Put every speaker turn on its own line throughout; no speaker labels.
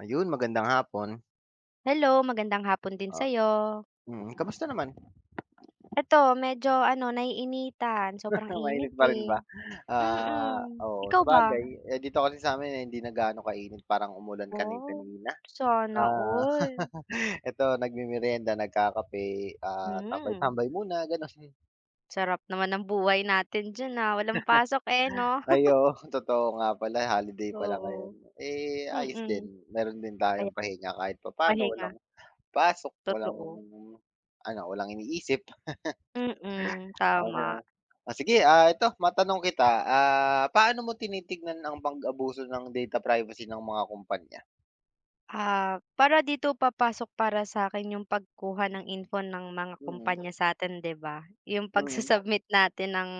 Ayun, magandang hapon.
Hello, magandang hapon din sa
Ah.
'yo.
Mm, kamusta naman?
Ito, medyo, ano, naiinitan. Sobrang init,
Mainit pa rin
eh.
ba? Ah,
Mm.
oo,
Ikaw ba?
sabagay, eh, dito kasi sa 'min hindi na gaano kainit. Parang umulan
Wow,
kani-kanina.
sana
Ah,
all.
eto nagmemerienda, nagkakape. Ah,
Hmm.
tambay-tambay muna gano'n.
Sarap naman ng buhay natin diyan, ah, walang pasok, eh, no?
Ay, oo, totoo nga pala holiday pala ngayon.
Oo,
Eh, ayos din.
mm.
Mayro'n din tayong
Aya
pahinga kahit papaano
pahinga.
walang pasok, walang,
Totoo.
ano, walang iniisip.
Mm,
Oh, siya.
tama.
Oh, sige, ah, ito matanong kita, ah, paano mo tinitignan ang pag-abuso ng data privacy ng mga kumpanya?
Ah, para dito papasok para sa 'kin 'yong pagkuha ng info ng mga
Mm.
kumpanya sa atin, 'di ba? 'Yong
Mm.
pagsu-submit natin ng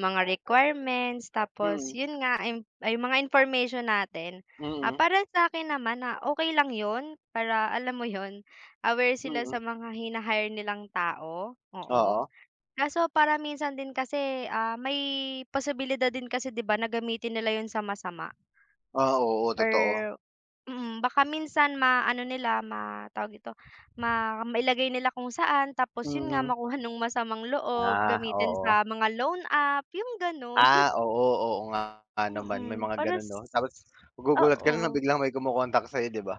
mga requirements, tapos
Mm.
'yong nga, ah, 'yong 'yong mga information natin. Ah,
Mm.
para sa akin naman na okey lang 'yon para, alam mo 'yon, aware sila
Mm.
sa mga hina-hire nilang tao. Oo,
Oo.
kaso para minsan din kasi, ah, may posibilidad din kasi, 'di ba, na gamitin nila 'yon sa masama.
Ah, oo,
Or
totoo.
Mm, baka minsan ma ano nila ma tawag dito, ma mailagay nila kung saan, tapos 'yon nga
Mhm.
makuha no'ng masamang loob,
Ah,
gamitin
oo.
sa mga loan app, 'yong gano'n.
Ah, oo. Oo nga naman. May
Mm,
mga
para
gano'n,
s
'no. Tapos magugulat ka nalang
Oo.
biglang may kumo-contact sa 'yo, 'di ba?